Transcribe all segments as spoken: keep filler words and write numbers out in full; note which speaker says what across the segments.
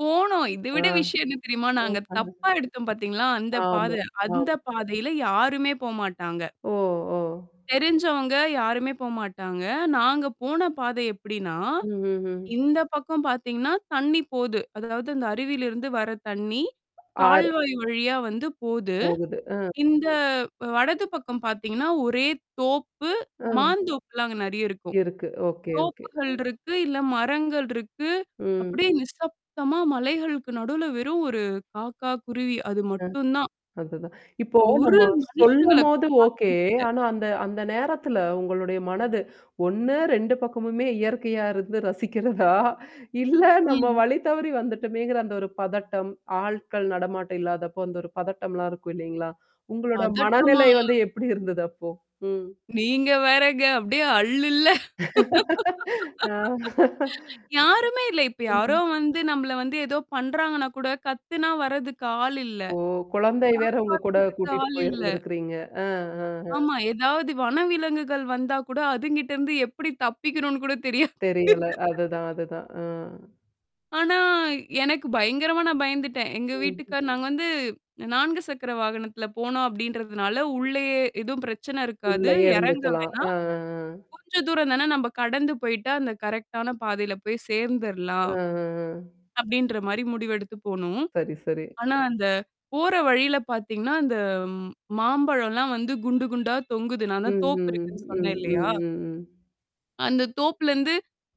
Speaker 1: போனோம். இத
Speaker 2: ஆ.
Speaker 1: விட விஷயம் என்ன தெரியுமா? நாங்க
Speaker 2: அஹா.
Speaker 1: தப்பா எடுத்தோம் பாத்தீங்களா! அந்த பாத!
Speaker 2: ஆமா.
Speaker 1: அந்த
Speaker 2: ஆமா.
Speaker 1: பாதையில யாருமே போ மாட்டாங்க.
Speaker 2: ஓ! ஓ!
Speaker 1: தெரிஞ்சவங்க யாருமே போ மாட்டாங்க. நாங்க போன பாதை எப்பிடின்னா,
Speaker 2: ம். ம். ம்.
Speaker 1: இந்த பக்கம் பாத்தீங்கன்னா, தண்ணீ போது. அதாவது அந்த அருவியில இருந்து வர தண்ணீ.
Speaker 2: ஆறு
Speaker 1: கால்வாய் வழியா வந்து போது.
Speaker 2: போகுது. அ.
Speaker 1: இந்த வலது பக்கம் பாத்தீங்கன்னா, ஒரே தோப்பு,
Speaker 2: அ.
Speaker 1: மாந்தோப்புலாம் அங்க நறைய இருக்கும்.
Speaker 2: இருக்கு. Okay, okay.
Speaker 1: தோப்புகள்
Speaker 2: ம்.
Speaker 1: இருக்கு, இல்ல மரங்கள் இருக்கு.
Speaker 2: ம்.
Speaker 1: அப்பிடியே நிசப்தமா மலைகளுக்கு நடுவுல வெறும் ஒரு காக்கா, குருவி அது
Speaker 2: ம்.
Speaker 1: மட்டும் தான்.
Speaker 2: அதுதான். இப்போ
Speaker 1: ஒரு
Speaker 2: நம்ம
Speaker 1: மனுஷங்கள கூட
Speaker 2: சொல்லும்போது
Speaker 1: பாக்க
Speaker 2: ஓகே.
Speaker 1: முடியல.
Speaker 2: ஆனா அந்த, அந்த நேரத்தில உங்களுடைய மனது ஒன்னு ரெண்டு பக்கமுமே இயற்கையா இருக்கிறத ரசிக்கிறதா! இல்ல நம்ம
Speaker 1: ம்.
Speaker 2: வழி தவறி வந்துட்டோமேங்கிற அந்த ஒரு பதட்டம், ஆட்கள் நடமாட்டம் இல்லாதப்போ அந்த ஒரு பதட்டம்லாம் இருக்கும் இல்லீங்களா! உங்களோட
Speaker 1: பதட்டமா.
Speaker 2: மனநிலை வந்து எப்பிடி இருந்தது அப்போ? ம்.
Speaker 1: நீங்க வேறங்க அப்பிடியே அள்ளு இல்ல.
Speaker 2: ஆ.
Speaker 1: யாருமே இல்ல. இப்ப யாரோ
Speaker 2: ம்.
Speaker 1: வந்து நம்மள வந்து ஏதோ பண்றாங்கன்னா கூட கத்துனா வர்றதுக்கு ஆள் இல்ல.
Speaker 2: ஓ! குழந்தை வேற உங்ககூட
Speaker 1: காப்பாத்ததுக்கு
Speaker 2: கூட்டிட்டு
Speaker 1: ஆள் இல்ல.
Speaker 2: போயிருந்திருக்கிறீங்க. ஆ, ஆ, ஆ.
Speaker 1: ஆமா. ஏதாவது வனவிலங்குகள் வந்தா கூட அதுங்கிட்ட இருந்து எப்பிடி தப்பிக்கணுன்னு கூட தெரியா
Speaker 2: தெரியல. அதுதான். அதுதான். ஆ.
Speaker 1: ஆனா, எனக்கு பயங்கரமா நான் பயந்துட்டேன். எங்க
Speaker 2: ம்.
Speaker 1: வீட்டுக்காரர் நாங்க வந்து நான்கு சக்கர வாகனத்துல போனோம், அப்பிடின்றதுனால உள்ளயே எதுவும் பிரச்சன இருக்காது.
Speaker 2: உள்ளயே
Speaker 1: எறங்க
Speaker 2: இருந்துக்கலாம். அ,
Speaker 1: வேணாம்.
Speaker 2: ஆ, ஆ
Speaker 1: கொஞ்சம் தூரம் தான நம்ம கடந்து போயி்ட்டா அந்த கரெக்ட்டான பாதையில போய்
Speaker 2: ம்,
Speaker 1: சேர்ந்துர்லாம்.
Speaker 2: ம், ம்.
Speaker 1: அப்பிடின்ற மாரி முடிவெடுத்து போனோம்.
Speaker 2: சரி, சரி.
Speaker 1: ஆனா அந்த போற வழியில பார்த்தீங்கன்னா, அந்த மாம்பழம்லாம் வந்து குண்டு குண்டா தொங்குது. நான்
Speaker 2: ம்,
Speaker 1: தான் தோப்பு
Speaker 2: ம்,
Speaker 1: இருக்குன்னு சொன்னேன்
Speaker 2: ம்,
Speaker 1: இல்லயா!
Speaker 2: ம், ம்.
Speaker 1: அந்த தோப்லருந்து.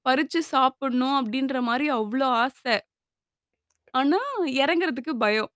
Speaker 1: பறிச்சு சாப்பிட்ணும் அப்பிடின்றமாரி அவ்ளோ ஆசை. ஆனா இறங்குறதுக்கு பயம்.